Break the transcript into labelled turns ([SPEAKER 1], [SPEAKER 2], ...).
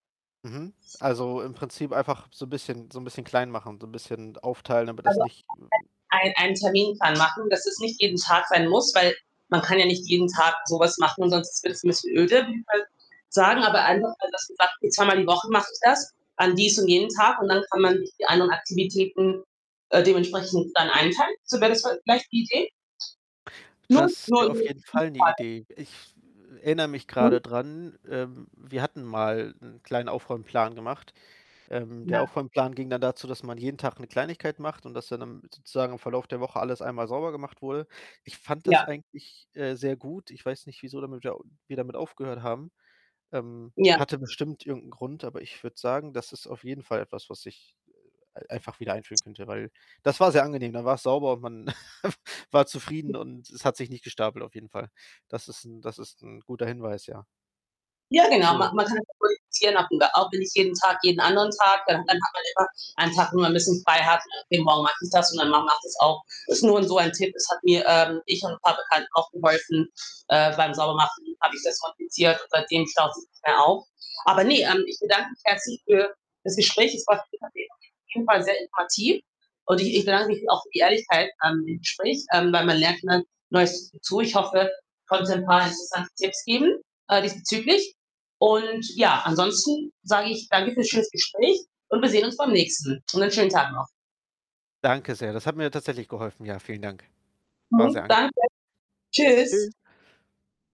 [SPEAKER 1] Mhm, also, im Prinzip einfach so bisschen so 'n bisschen klein machen, so 'n bisschen aufteilen, damit das
[SPEAKER 2] Also,
[SPEAKER 1] nicht
[SPEAKER 2] [unintelligible] ein einen Terminplan machen, dass es nicht jeden Tag sein muss, weil man kann ja nicht jeden Tag so was machen und sonst wird's 'n bisschen öde, [unintelligible] auf jeden Fall sagen, aber einfach, also, dass man sagt: „Zweimal die Woche mache ich das an dies und jenen Tag“ und dann kann man sich die anderen Aktivitäten, äh, dementsprechend dann einteilen. So wäre das voll vielleicht die Idee?
[SPEAKER 1] Das wäre auf jeden Fall 'ne
[SPEAKER 2] [unintelligible]
[SPEAKER 1] Idee. Ich erinnere mich
[SPEAKER 2] Mhm.
[SPEAKER 1] grade dran, ähm, wir hatten mal 'n kleinen Aufräumplan gemacht. Ähm, der
[SPEAKER 2] Ja.
[SPEAKER 1] Aufräumplan ging dann dazu, dass man jeden Tag 'ne Kleinigkeit macht und dass dann am sozusagen im Verlauf der Woche alles einmal sauber gemacht wurde. Ich fand das
[SPEAKER 2] Ja.
[SPEAKER 1] eigentlich, äh, sehr gut. Ich weiß nicht, wieso damit ja, wir damit aufgehört haben. Ähm,
[SPEAKER 2] Ja.
[SPEAKER 1] hatte bestimmt irgend 'n Grund, aber ich würde sagen, das ist auf jeden Fall etwas, was ich, äh, e einfach wieder einführen könnte, weil das war sehr angenehm. Dann war's sauber und man war
[SPEAKER 2] Hm.
[SPEAKER 1] zufrieden und es hat sich nicht gestapelt auf jeden Fall. Das ist 'n das ist 'n guter Hinweis, ja.
[SPEAKER 2] Ja, genau ma
[SPEAKER 1] Schön.
[SPEAKER 2] man kann [unintelligible] auch wenn nicht jeden Tag, jeden anderen Tag. Dann dann hat man immer einen Tag, wo man 'n bisschen frei hat. Jeden Morgen mache ich das und mein Mann macht das auch. Ist nur 'n so ein Tipp. Das hat mir, ähm ich und 'n paar Bekannten auch geholfen, äh, beim Saubermachen habe ich das praktiziert und seitdem staut sich nichts mehr auf. Aber ne, ähm, ich bedanke mich herzlich für das Gespräch. Es war [unintelligible] jeden Fall sehr informativ und ich ich bedanke mich auch für die Ehrlichkeit an dem Gespräch, ähm, weil man lernt immer Neues dazu. Ich hoffe, ich konnte 'n paar interessante Tipps geben, äh, diesbezüglich. Und, ja, ansonsten sage ich danke für's schönes Gespräch und wir sehen uns beim nächsten. Und einen schönen Tag noch.
[SPEAKER 1] Danke sehr. Das hat mir tatsächlich geholfen. Ja, vielen Dank. War
[SPEAKER 2] Mhm,
[SPEAKER 1] sehr angenehm.
[SPEAKER 2] danke. Tschüs.
[SPEAKER 1] Tschüs.